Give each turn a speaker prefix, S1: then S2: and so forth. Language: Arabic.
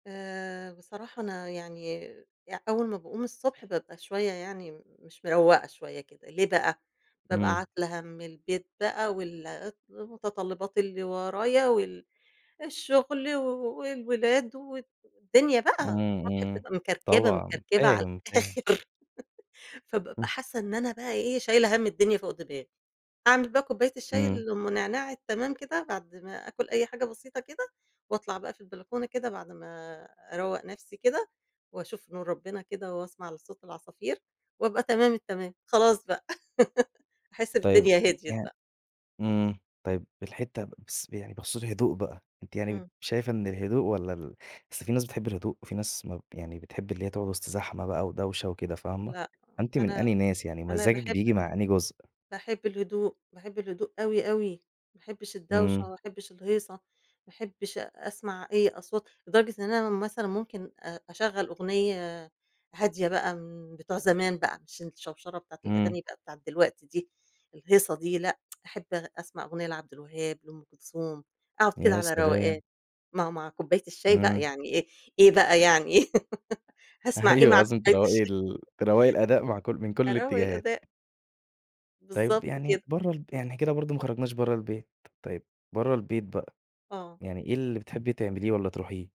S1: آآ بصراحة أنا يعني يع أول ما باقوم الصبح بابقى شوية يعني مش مرَوّقة شوية كده، ليه بَقى؟ بابقى
S2: إمم.
S1: عاتلة هَم البيت بَقى وال [unintelligible] ومتطلبات اللي ورايا وال الشغل و والولاد والدنيا
S2: إمم،
S1: بَقى. [unintelligible] بطني
S2: إمم.
S1: بتبقى مكركبة،
S2: طبعًا.
S1: مكركبة على
S2: فاهم، فاهم.
S1: الآخر. فبابقى
S2: آه.
S1: حاسة إن أنا بَقى إيه شايلة هَم الدنيا فوق دماغي. أعمِل بَقى كوباية الشاي
S2: إمم.
S1: اللي أم نعناع التمام كده بعد ما آكل أي حاجة بسيطة كده، وأطلع بَقى في البلكونة كده بعد ما أرَوّق نَفْسي كده، وأشوف نور ربنا كده، وأسمع لصوت العصافير، وأبقى تمام التمام. خلاص بَقى. أحس
S2: طيب،
S1: بالدنيا
S2: م
S1: هديِت
S2: يعن
S1: بَقى.
S2: إمم، طيب الحِتّة بس ب يعني بخصوص الهدوء بَقى، أنتِ يعني ب
S1: إمم.
S2: شايفة إن الهدوء والّا ال أصل في ناس بتحب الهدوء، وفي ناس ما ب يعني بتحب اللي هي تقعد وسط زحمة بَقى ودوشة وكده، فاهمة؟
S1: لأ،
S2: فأنتِ من
S1: أنا،
S2: أنهي ناس؟ يعني
S1: أنا
S2: مزاجِك
S1: باحب
S2: بييجي
S1: ال
S2: مع أنهي جزء؟
S1: باحب الهدوء. باحب الهدوء أوي، أوي. ما أحبّش الدوشة،
S2: إمم.
S1: ما أحبّش الهيصة، ما أحّبش أ أسمع أي أصوات لدرجة إن أنا مثلًا ممكن أ أشَغَّل أغنية هادية بَقى من بتوع زمان بَقى، عشان الشوشرة بتاعة
S2: إمم.
S1: الأغاني بَقى بتاعة دلوقتي دي، الهيصة دي، لأ. أحب أغ أسمَع أغنية لعبد الوهاب، لأُم كلثوم، أقعد كده
S2: يا
S1: على روقان
S2: سلام!
S1: مع مع كوبّاية الشاي بَقى،
S2: إمم.
S1: يعني إيه، إيه بَقى يعني؟ هاسمع إيه
S2: أيوه،
S1: مع
S2: لازم
S1: كوبّاية
S2: تروّقي
S1: الشاي؟
S2: ال تروّقي الأداء مع كل من كل
S1: أرَوَّق
S2: الإتجاهات.
S1: الأداء.
S2: طيب
S1: بالضبط
S2: يعني
S1: كده.
S2: برّه الب يعني إحنا كده برضه ما خرجناش برّه البيت. طيب برّه البيت بَقى،
S1: آه.
S2: يعني إيه اللي بتحبّي تعمليه والّا تروحيه؟